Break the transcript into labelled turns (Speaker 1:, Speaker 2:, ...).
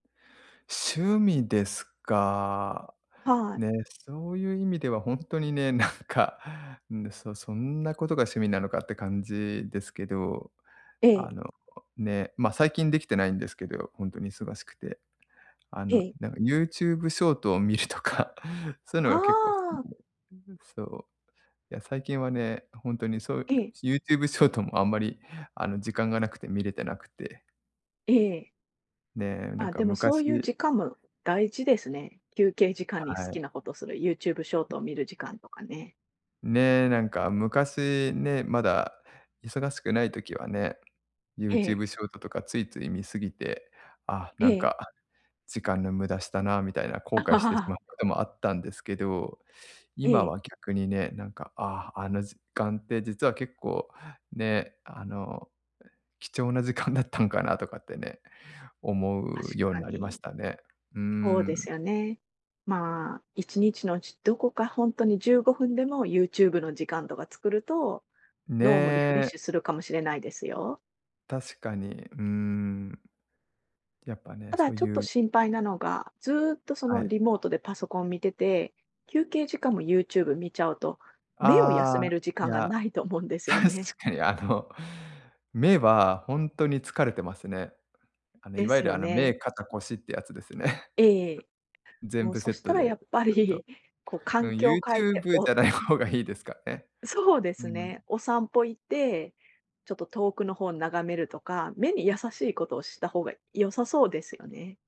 Speaker 1: 趣味ですか。
Speaker 2: はい。
Speaker 1: ね、そういう意味ではほんとにね、なんかんで、そそんなことが趣味なのかって感じですけど、
Speaker 2: ええ。
Speaker 1: あの、ね、ま、最近できてないんですけど、よほんとに忙しくて。あ
Speaker 2: え
Speaker 1: の、
Speaker 2: え。
Speaker 1: なんか YouTube ショートを見るとか、そういう
Speaker 2: あ
Speaker 1: のが結構好き
Speaker 2: あ。
Speaker 1: で、うんうん。そう、いや最近はね、ほんとにそう、
Speaker 2: ええ。
Speaker 1: YouTube ショートもあんまりあの、時間がなくて見れてなくて
Speaker 2: ええ。
Speaker 1: ね、なん
Speaker 2: あ、
Speaker 1: か
Speaker 2: でもそういう
Speaker 1: 昔
Speaker 2: 時間も大事ですね、休憩時間に好
Speaker 1: はい。
Speaker 2: きなことする YouTube ショートを見る時間とかね。
Speaker 1: ね、なんか昔ね、まだ忙しくない時はね。
Speaker 2: ええ。
Speaker 1: YouTube ショートとかついつい見過ぎて、あ、なん
Speaker 2: ええ。
Speaker 1: か時間の無駄したな、みたいな後悔してしま、こともあったんですけど、
Speaker 2: え
Speaker 1: 今
Speaker 2: え。
Speaker 1: は逆にね、なんか、ああ、あの時間って実は結構ね、あの、え、貴重な時間だったんかなとかってね、思
Speaker 2: 確
Speaker 1: うように
Speaker 2: か
Speaker 1: なりまし
Speaker 2: に。
Speaker 1: たね。うー
Speaker 2: ほうで
Speaker 1: ん。
Speaker 2: すよね。まあ、1日のうち、どこかほんとに15分でも、YouTube の時間とか作ると、脳もリフレッ
Speaker 1: ね。
Speaker 2: シュするかもしれないですよ。
Speaker 1: 確かに。うーん。やっぱね、
Speaker 2: た
Speaker 1: そ
Speaker 2: だ、
Speaker 1: う
Speaker 2: ちょっ
Speaker 1: い
Speaker 2: と
Speaker 1: う
Speaker 2: 心配なのが、ずっとそ
Speaker 1: は
Speaker 2: の、
Speaker 1: い。
Speaker 2: リモートでパソコン見てて、休憩時間も YouTube 見ちゃうと、目を
Speaker 1: あ
Speaker 2: 休め
Speaker 1: あ、
Speaker 2: る時
Speaker 1: い
Speaker 2: 間が
Speaker 1: や。
Speaker 2: ないと思うんですよ
Speaker 1: 確
Speaker 2: ね。
Speaker 1: かに。あの、目はほんとに疲れてますね。あの、い
Speaker 2: で
Speaker 1: わ
Speaker 2: す
Speaker 1: ゆる
Speaker 2: よ
Speaker 1: あの、
Speaker 2: ね。
Speaker 1: 目、肩、腰ってやつですね。
Speaker 2: ええええ。
Speaker 1: 全
Speaker 2: もう
Speaker 1: 部セ
Speaker 2: そ
Speaker 1: ッ
Speaker 2: し
Speaker 1: ト
Speaker 2: たらや
Speaker 1: で、
Speaker 2: っぱ
Speaker 1: ずっと。
Speaker 2: り、こう、
Speaker 1: う
Speaker 2: 環
Speaker 1: ん。
Speaker 2: 境変えて、
Speaker 1: YouTube じ
Speaker 2: お
Speaker 1: ゃない方がいいですかね。
Speaker 2: そうで
Speaker 1: う
Speaker 2: す
Speaker 1: ん。
Speaker 2: ね。お散歩行って、ちょっと遠くの方眺めるとか、目に優しいことをした方が良さそうですよね。